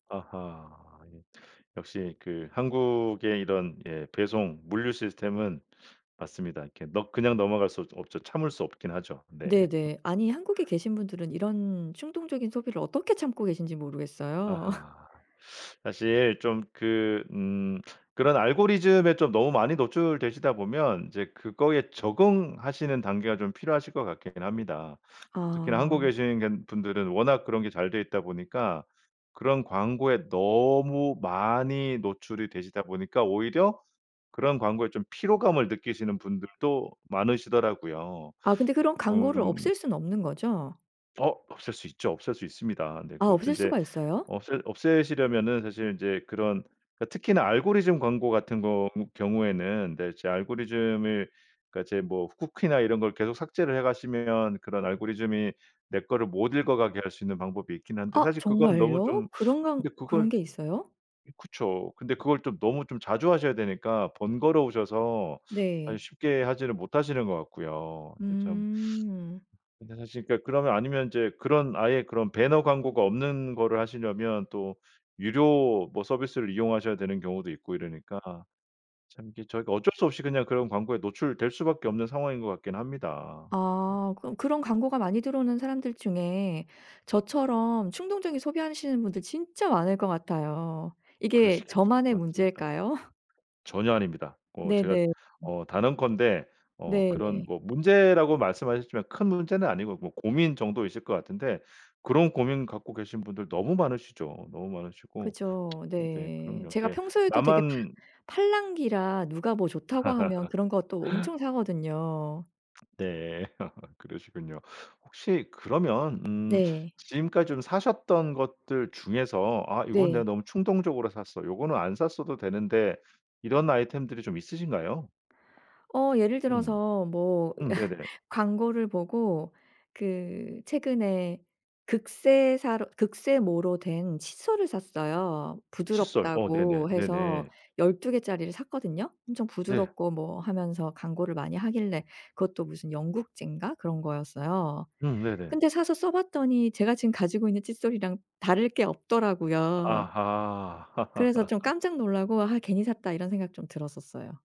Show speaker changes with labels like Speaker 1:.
Speaker 1: 아하. 역시 그 한국의 이런 예 배송 물류 시스템은 맞습니다. 이렇게 넘 그냥 넘어갈 수 없 없죠. 참을 수 없긴 하죠. 네.
Speaker 2: 네네. 아니 한국에 계신 분들은 이런 충동적인 소비를 어떻게 참고 계신지 모르겠어요.
Speaker 1: 아하. 사실 좀 그 음 그런 알고리즘에 좀 너무 많이 노출되시다 보면 이제 그거에 적응하시는 단계가 좀 필요하실 것 같긴 합니다. 특히나 한국에
Speaker 2: 아.
Speaker 1: 계신 건 분들은 워낙 그런 게 잘 돼 있다 보니까 그런 광고에 너무 많이 노출이 되시다 보니까 오히려 그런 광고에 좀 피로감을 느끼시는 분들도 많으시더라고요.
Speaker 2: 아 근데 그런 광고를
Speaker 1: 음.
Speaker 2: 없앨 수는 없는 거죠?
Speaker 1: 어 없앨 수 있죠. 없앨 수 있습니다. 네.
Speaker 2: 아
Speaker 1: 그것도
Speaker 2: 없앨
Speaker 1: 이제
Speaker 2: 수가 있어요?
Speaker 1: 없애 없애시려면은 사실 인제 그런 그 특히나 알고리즘 광고 같은 겅 경우에는 네 이제 알고리즘을 그러니까 이제 뭐 쿠키나 이런 걸 계속 삭제를 해 가시면 그런 알고리즘이 내 거를 못 읽어 가게 할 수 있는 방법이 있긴 한데
Speaker 2: 아
Speaker 1: 사실 그거는 너무
Speaker 2: 정말요?
Speaker 1: 좀
Speaker 2: 그런 광
Speaker 1: 근데 그걸
Speaker 2: 그런 게 있어요?
Speaker 1: 그쵸. 근데 그걸 좀 너무 좀 자주 하셔야 되니까 번거로우셔서 사실
Speaker 2: 네.
Speaker 1: 쉽게 하지를 못하시는 것 같고요. 근데 참
Speaker 2: 음.
Speaker 1: 근데 사실 그러니까 그러면 아니면 이제 그런 아예 그런 배너 광고가 없는 거를 하시려면 또 유료 뭐 서비스를 이용하셔야 되는 경우도 있고 이러니까 참 이게 저희가 어쩔 수 없이 그냥 그런 광고에 노출될 수밖에 없는 상황인 것 같긴 합니다. 어.
Speaker 2: 아 그럼 그런 광고가 많이 들어오는 사람들 중에 저처럼 충동적인 소비하시는 분들 진짜 많을 것 같아요. 이게
Speaker 1: 그러시겠죠.
Speaker 2: 저만의
Speaker 1: 맞습니다.
Speaker 2: 문제일까요?
Speaker 1: 전혀 아닙니다. 어 제가
Speaker 2: 네네.
Speaker 1: 어 단언컨대 어 그런
Speaker 2: 네.
Speaker 1: 뭐 문제라고 말씀하셨지만 큰 문제는 아니고 뭐 고민 정도이실 것 같은데 그런 고민 갖고 계신 분들 너무 많으시죠. 너무 많으시고.
Speaker 2: 그죠.
Speaker 1: 네 그럼요.
Speaker 2: 네. 제가
Speaker 1: 이렇게
Speaker 2: 평소에도 되게 파
Speaker 1: 나만
Speaker 2: 팔랑귀라 누가 뭐 좋다고 하면 그런 것도 엄청 사거든요.
Speaker 1: 네. 그러시군요. 혹시 그러면 음
Speaker 2: 네.
Speaker 1: 지금까지 좀 사셨던 것들 중에서 '아 이건 내가
Speaker 2: 네.
Speaker 1: 너무 충동적으로 샀어. 이거는 안 샀어도 되는데.' 이런 아이템들이 좀 있으신가요?
Speaker 2: 어 예를
Speaker 1: 음.
Speaker 2: 들어서 뭐
Speaker 1: 음 네네.
Speaker 2: 광고를 보고 그 최근에 극세사로 극세모로 된 칫솔을 샀어요.
Speaker 1: 칫솔. 어 네네.
Speaker 2: 부드럽다고 해서
Speaker 1: 네네.
Speaker 2: 12 개짜리를 샀거든요. 엄청
Speaker 1: 네.
Speaker 2: 부드럽고 뭐 하면서 광고를 많이 하길래 그것도 무슨 영국제인가 그런 거였어요.
Speaker 1: 음 네네.
Speaker 2: 근데 사서 써 봤더니 제가 지금 가지고 있는 칫솔이랑 다를 게 없더라고요. 그래서
Speaker 1: 아하.
Speaker 2: 좀 깜짝 놀라고 '아 괜히 샀다.' 이런 생각이 좀 들었었어요.